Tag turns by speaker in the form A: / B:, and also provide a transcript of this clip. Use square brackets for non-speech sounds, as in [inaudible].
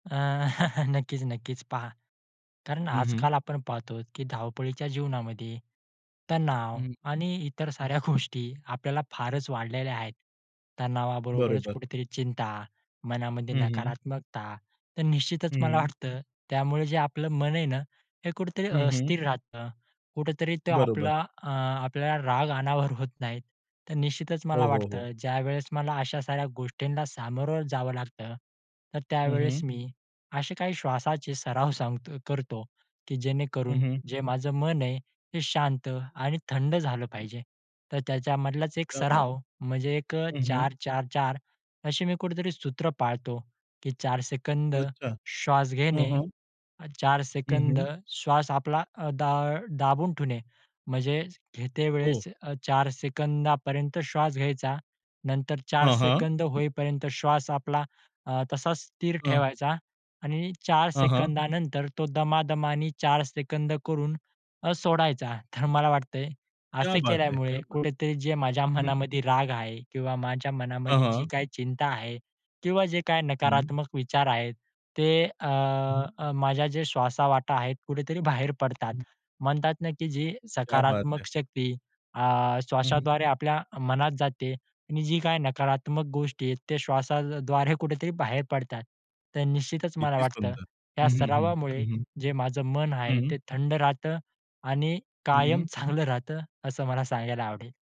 A: अ, [chuckles] नक्कीच, नक्कीच. पहा, कारण
B: हं, हं.
A: आजकाल आपण पाहतो, की धावपळीच्या जीवनामध्ये तणाव
B: हं.
A: आणि इतर साऱ्या गोष्टी आपल्याला फारच वाढलेल्या आहेत, तणावाबरोबरच
B: बरोबर.
A: कुठेतरी चिंता, मनामध्ये
B: हं, हं.
A: नकारात्मकता. तर निश्चितच मला
B: हं.
A: वाटतं त्यामुळे जे आपलं मन आहे ना, हे कुठेतरी
B: हं, हं.
A: अस्थिर राहतं, कुठेतरी तो
B: बरोबर.
A: आपला अ, आपल्याला राग अनावर होत नाही. तर निश्चितच
B: हो,
A: मला
B: हो, हो.
A: वाटतं ज्यावेळेस मला अशा साऱ्या गोष्टींना सामोरं जावं लागतं, तर
B: हं,
A: त्यावेळेस
B: हं.
A: मी असे काही श्वासाचे सराव सांगतो करतो की
B: हं,
A: जेणेकरून
B: हं.
A: जे माझं मन आहे, ते शांत आणि थंड झालं पाहिजे. तर त्याच्यामधलाच एक
B: क्या बात!
A: सराव म्हणजे एक
B: हं, हं.
A: 4-4-4 अशी मी कुठेतरी सूत्र पाळतो की 4 सेकंद
B: अच्छा.
A: श्वास
B: हं,
A: घेणे,
B: हं.
A: 4
B: हं,
A: सेकंद
B: हं.
A: श्वास आपला अ, दा दाबून ठेवणे, म्हणजे घेते
B: हो.
A: वेळेस अ, 4 सेकंदापर्यंत श्वास घ्यायचा, नंतर 4
B: हां, हां.
A: सेकंद होईपर्यंत श्वास आपला अ, तसाच स्थिर
B: हं.
A: ठेवायचा आणि 4
B: हां, हां.
A: सेकंदानंतर तो दमादमाने 4 सेकंद करून अ, सोडायचा. तर मला वाटतंय
B: क्या
A: असे
B: बात है! क्या
A: केल्यामुळे
B: बात
A: कुठेतरी जे माझ्या
B: है! हं.
A: मनामध्ये राग आहे किंवा माझ्या
B: हां,
A: मनामध्ये जी
B: हां.
A: काही चिंता आहे किंवा जे काही
B: हं.
A: नकारात्मक विचार आहेत, ते अ, अ, माझ्या जे श्वासावाटे आहेत कुठेतरी बाहेर पडतात.
B: [unintelligible]
A: म्हणतात ना की जी
B: क्या बात है.
A: सकारात्मक शक्ती अ,
B: [unintelligible]
A: श्वासाद्वारे आपल्या मनात जाते आणि जी काही नकारात्मक गोष्टी आहेत त्या श्वासाद्वारे कुठेतरी बाहेर पडतात. तर निश्चितच मला
B: किती
A: वाटतं
B: सुंदर!
A: या
B: हं, हं, हं.
A: सरावामुळे
B: हं,
A: जे माझं मन आहे
B: हं. हं.
A: ते थंड राहतं आणि कायम
B: हं.
A: चांगलं राहतं, असं मला सांगायला आवडेल.